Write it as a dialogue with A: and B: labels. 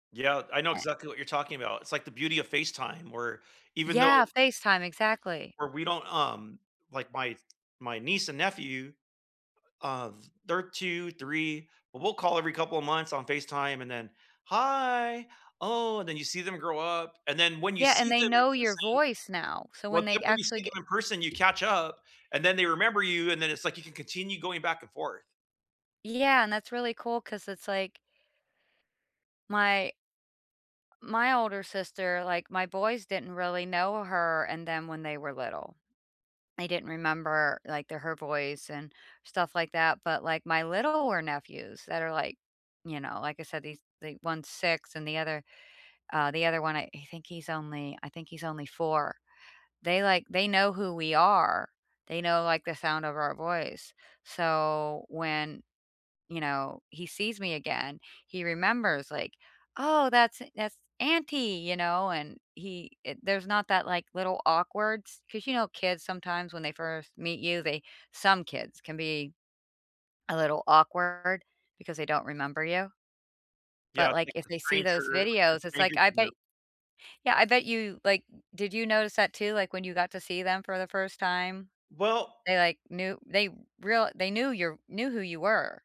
A: Yeah, I know
B: Eh.
A: exactly what you're talking about. It's like the beauty of FaceTime, where even though
B: Yeah, FaceTime, exactly.
A: where we don't, um, like my my niece and nephew, uh, th they're 2, 3, but we'll call every couple of months on FaceTime, and then, “Hi, oh," and then you see them grow up; and then when you
B: Yeah, and
A: see
B: they
A: them in
B: know your
A: person
B: voice now, so
A: well,
B: when they
A: then when you see
B: actually ge
A: them in person, you catch up, and then they remember you, and then it's like you can continue going back and forth.
B: Yeah, and that's really cool 'cause it's like my my older sister, like, my boys didn't really know her and them when they were little. They didn't remember, like, the her voice and stuff like that, but like my littler nephews that are like, you know, like I said these they one's 6 and the other, uh, the other one, I I think he's only I think he's only 4 - they like they know who we are, they know, like, the sound of our voice; so when, you know, he sees me again, he remembers like, “Oh that's a that's auntie,” you know, and he eh, there's not that, like, little awkward s 'cause you know kids sometimes when they first meet you, they some kids can be a little awkward because they don't remember you.
A: Yeah,
B: But,
A: I
B: like,
A: think
B: if
A: the
B: they see
A: stranger,
B: those
A: or you're
B: videos
A: a
B: it's
A: stranger
B: like I
A: to them.
B: bet Yeah, I bet you like, did you notice that too, like, when you got to see them for the first time?
A: Well
B: They like knew they real they knew your knew who you were.